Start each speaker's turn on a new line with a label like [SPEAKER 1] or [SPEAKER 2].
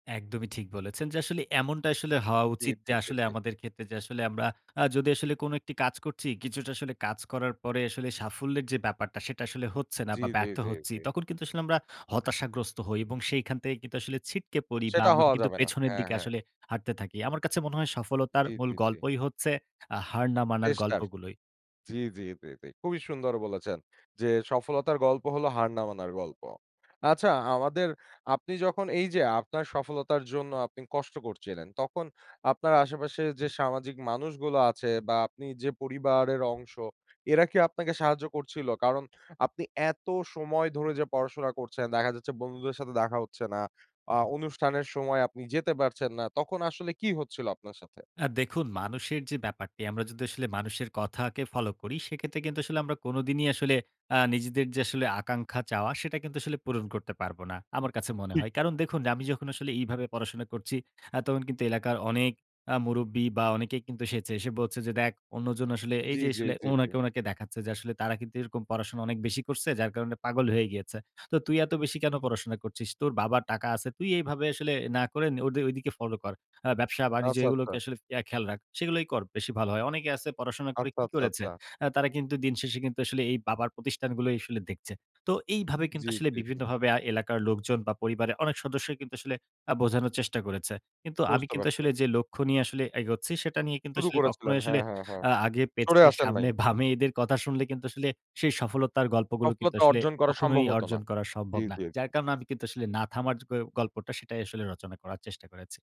[SPEAKER 1] একদমই ঠিক বলেছেন। যে আসলে এমনটা আসলে হওয়া
[SPEAKER 2] জি,
[SPEAKER 1] উচিত
[SPEAKER 2] জি,
[SPEAKER 1] যে
[SPEAKER 2] জি,
[SPEAKER 1] আসলে
[SPEAKER 2] জি।
[SPEAKER 1] আমাদের ক্ষেত্রে যে আসলে আমরা আ যদি আসলে কোন একটি কাজ করছি, কিছুটা আসলে কাজ করার পরে আসলে সাফল্যের যে ব্যাপারটা সেটা আসলে হচ্ছে না
[SPEAKER 2] জি,
[SPEAKER 1] বা
[SPEAKER 2] জি,
[SPEAKER 1] ব্যর্থ
[SPEAKER 2] জি,
[SPEAKER 1] হচ্ছি।
[SPEAKER 2] জি।
[SPEAKER 1] তখন কিন্তু আসলে আমরা হতাশাগ্রস্ত হই এবং সেখান থেকে কিন্তু আসলে ছিটকে পড়ি বা
[SPEAKER 2] সেটা
[SPEAKER 1] আমরা
[SPEAKER 2] হওয়া
[SPEAKER 1] কিন্তু
[SPEAKER 2] যাবে না।
[SPEAKER 1] পেছনের
[SPEAKER 2] হ্যাঁ,
[SPEAKER 1] দিকে
[SPEAKER 2] হ্যাঁ।
[SPEAKER 1] আসলে হাঁটতে থাকি। আমার কাছে মনে হয় সফলতার
[SPEAKER 2] জি,
[SPEAKER 1] মূল
[SPEAKER 2] জি, জি।
[SPEAKER 1] গল্পই হচ্ছে আ হার না মানার
[SPEAKER 2] চেষ্টার।
[SPEAKER 1] গল্পগুলোই।
[SPEAKER 2] জি, জি, জি, জি। খুবই সুন্দর বলেছেন। যে সফলতার গল্প হল হার না মানার গল্প। আচ্ছা আমাদের আপনি যখন এই যে আপনার সফলতার জন্য আপনি কষ্ট করছিলেন তখন আপনার আশেপাশে যে সামাজিক মানুষগুলো আছে বা আপনি যে পরিবারের অংশ এরা কি আপনাকে সাহায্য করছিল? কারণ আপনি এত সময় ধরে যে পড়াশোনা করছেন, দেখা যাচ্ছে বন্ধুদের সাথে দেখা হচ্ছে না। আ অনুষ্ঠানের সময় আপনি যেতে পারছেন না। তখন আসলে কি হচ্ছিল আপনার সাথে?
[SPEAKER 1] আ দেখুন মানুষের যে ব্যাপারটি আমরা যদি আসলে মানুষের কথাকে ফলো করি। সেক্ষেত্রে কিন্তু আসলে আমরা কোনদিনই আসলে আ নিজেদের যে আসলে আকাঙ্ক্ষা চাওয়া সেটা কিন্তু আসলে পূরণ করতে পারব না। আমার কাছে মনে
[SPEAKER 2] ঠিক।
[SPEAKER 1] হয়। কারণ দেখুন আমি যখন আসলে এইভাবে পড়াশোনা করছি, আ তখন কিন্তু এলাকার অনেক আ মুরুব্বি বা অনেকেই কিন্তু এসেছে এসে বলছে যে, "দেখ অন্যজন আসলে" এই
[SPEAKER 2] জি,
[SPEAKER 1] যে
[SPEAKER 2] জি,
[SPEAKER 1] আসলে
[SPEAKER 2] জি, জি।
[SPEAKER 1] ওনাকে, ওনাকে দেখাচ্ছে। যে আসলে "তারা কিন্তু এরকম পড়াশোনা অনেক বেশি করছে যার কারণে পাগল হয়ে গিয়েছে। তো তুই এত বেশি কেন পড়াশোনা করছিস? তোর বাবার টাকা আছে, তুই এভাবে আসলে না করে ঐ ঐদিকে ফলো কর। আ ব্যবসা বাণিজ্য
[SPEAKER 2] আচ্ছা, আচ্ছা।
[SPEAKER 1] এগুলোকে আসলে ইয়া খেয়াল রাখ। সেগুলোই কর বেশি ভালো হয়। অনেকেই আছে পড়াশোনা করে
[SPEAKER 2] আচ্ছা,
[SPEAKER 1] কী
[SPEAKER 2] আচ্ছা,
[SPEAKER 1] করেছে?
[SPEAKER 2] আচ্ছা।
[SPEAKER 1] আ তারা কিন্তু দিনশেষে কিন্তু আসলে এই বাবার প্রতিষ্ঠানগুলোই আসলে দেখছে।" তো এইভাবে কিন্তু
[SPEAKER 2] জি,
[SPEAKER 1] আসলে
[SPEAKER 2] জি, জি।
[SPEAKER 1] বিভিন্নভাবে আ এলাকার লোকজন বা পরিবারের অনেক সদস্যই কিন্তু আসলে আ বোঝানোর চেষ্টা করেছে। কিন্তু আমি
[SPEAKER 2] বুঝতে
[SPEAKER 1] কিন্তু
[SPEAKER 2] পারছি।
[SPEAKER 1] আসলে যে লক্ষ্য নিয়ে আসলে এগোচ্ছি। সেটা নিয়ে কিন্তু
[SPEAKER 2] শুরু
[SPEAKER 1] আসলে কখনোই
[SPEAKER 2] করেছিলেন।
[SPEAKER 1] আসলে
[SPEAKER 2] হ্যাঁ, হ্যাঁ, হ্যাঁ।
[SPEAKER 1] আ আগে
[SPEAKER 2] সরে
[SPEAKER 1] পেছনে
[SPEAKER 2] আসেন নাই।
[SPEAKER 1] সামনে বামে এদের কথা শুনলে কিন্তু আসলে সেই সফলতার গল্পগুলো কিন্তু
[SPEAKER 2] সফলতা
[SPEAKER 1] আসলে
[SPEAKER 2] অর্জন করা সম্ভব
[SPEAKER 1] কখনোই
[SPEAKER 2] হত না।
[SPEAKER 1] অর্জন করা
[SPEAKER 2] জি,
[SPEAKER 1] সম্ভব না। যার
[SPEAKER 2] জি।
[SPEAKER 1] কারণে আমি কিন্তু আসলে না থামার গ গল্পটা সেটাই আসলে রচনা করার চেষ্টা করেছি।